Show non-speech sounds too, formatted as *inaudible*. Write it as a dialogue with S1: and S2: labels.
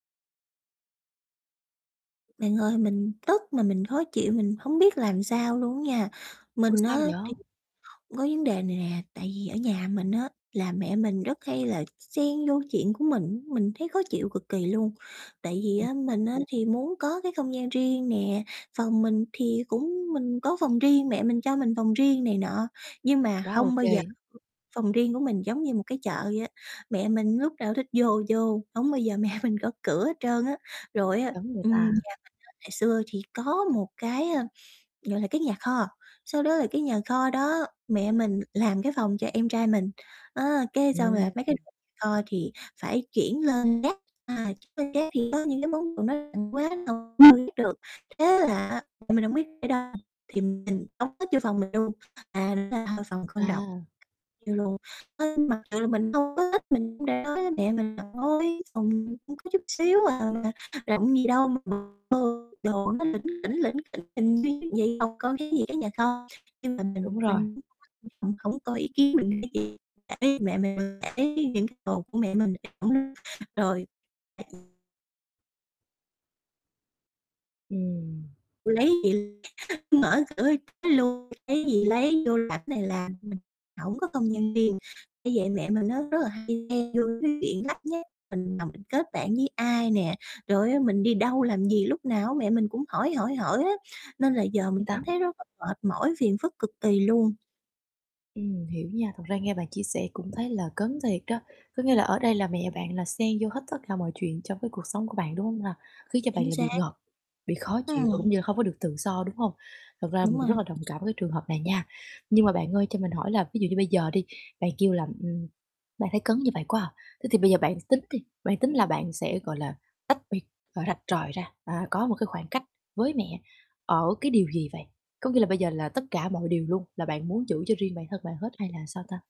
S1: Bạn ơi, mình tức mà mình khó chịu, mình hổng biết làm sao luôn á nha.
S2: Ủa,
S1: Mình
S2: sao
S1: á
S2: vậy?
S1: thì có vấn đề này nè, tại vì ở nhà mình á, là mẹ mình rất hay là x xen vô chuyện của mình, mình thấy khó chịu cực kỳ luôn. Tại vì á, mình á thì muốn có cái không gian riêng nè. Phòng mình thì cũng mình có phòng riêng, mẹ mình cho mình phòng riêng này nọ. Nhưng mà
S2: Quá ô
S1: hông bao giờ
S2: kê.
S1: phòng riêng của mình giống như một cái chợ vậy á, mẹ mình lúc nào thích vô vô, hổng bao giờ mẹ mình gõ cửa hết trơn á. Rồi á
S2: Giống người
S1: ừm, nhà
S2: ta.
S1: mình á ngày xưa thì có một cái, ơ, gọi là cái nhà kho, sau đó là cái nhà kho đó mẹ mình làm cái phòng cho em trai mình. Á, cái xong rồi
S2: Ừm.
S1: mấy cái đồ nhà kho thì phải chuyển lên gác. À, chuyển lên gác thì có những cái món đồ nó ừm, quá rồi chưa biết được thế là á, mẹ hông biết để ở đâu thì mình tống hết vô phòng mình luôn à là phòng con rộng.
S2: À.
S1: Như luôn à, mặc dù là mình hông có thích, mình đã nói với mẹ mình là "Thôi, phòng con có chút xíu à, rộng gì đâu mà vô đồ nó lỉnh kỉnh, lỉnh kỉnh *unintelligible* phòng con khác gì cái nhà kho" Nhưng mà
S2: Đúng
S1: mình
S2: rồi.
S1: mình hổng hổng có ý kiến mình gì để ý mẹ mình, để ý những cái đồ của mẹ mình thì cũng rồi
S2: Ừm.
S1: Lấy gì mở cửa luôn lấy gì lấy, vô làm này làm mình hổng có không gian riêng, bởi vậy mẹ á rất là hay chen vô cái chuyện lắt nhắt, mình làm mình kết bạn với ai nè, rồi á mình đi đâu làm gì lúc nào mẹ mình cũng hỏi, hỏi, hỏi hết, nên là giờ
S2: Ừ,
S1: mình
S2: tao
S1: cảm thấy rất là mệt mỏi, phiền phức cực kỳ luôn.
S2: Ừm, hiểu nha. Thật ra nghe bạn chia sẻ cũng thấy là cấn thiệt đó. Có nghĩa là ở đây là mẹ bạn là xen vô hết tất cả mọi chuyện trong cái cuộc sống của bạn, đúng hông ha? Khiến cho bạn
S1: Chính
S2: là bị
S1: xác.
S2: ngộp, bị khó chịu và
S1: Ừm.
S2: cũng như là hông có được tự do, đúng hông? Thật ra mình
S1: Đúng
S2: cũng rất
S1: rồi.
S2: là đồng cảm với cái trường hợp này nha. Nhưng mà bạn ơi, cho mình hỏi là, ví dụ như bây giờ đi, bạn kêu là, ừm, bạn thấy cấn như vậy quá à, thế thì bây giờ bạn tính đi, bạn tính là bạn sẽ, gọi là, tách, ờ, biệt rạch ròi ra, à, có một cái khoảng cách với mẹ ở cái điều gì vậy? Có nghĩa là bây giờ là tất cả mọi điều luôn là bạn muốn giữ cho riêng bản thân bạn hết hay là sao ta?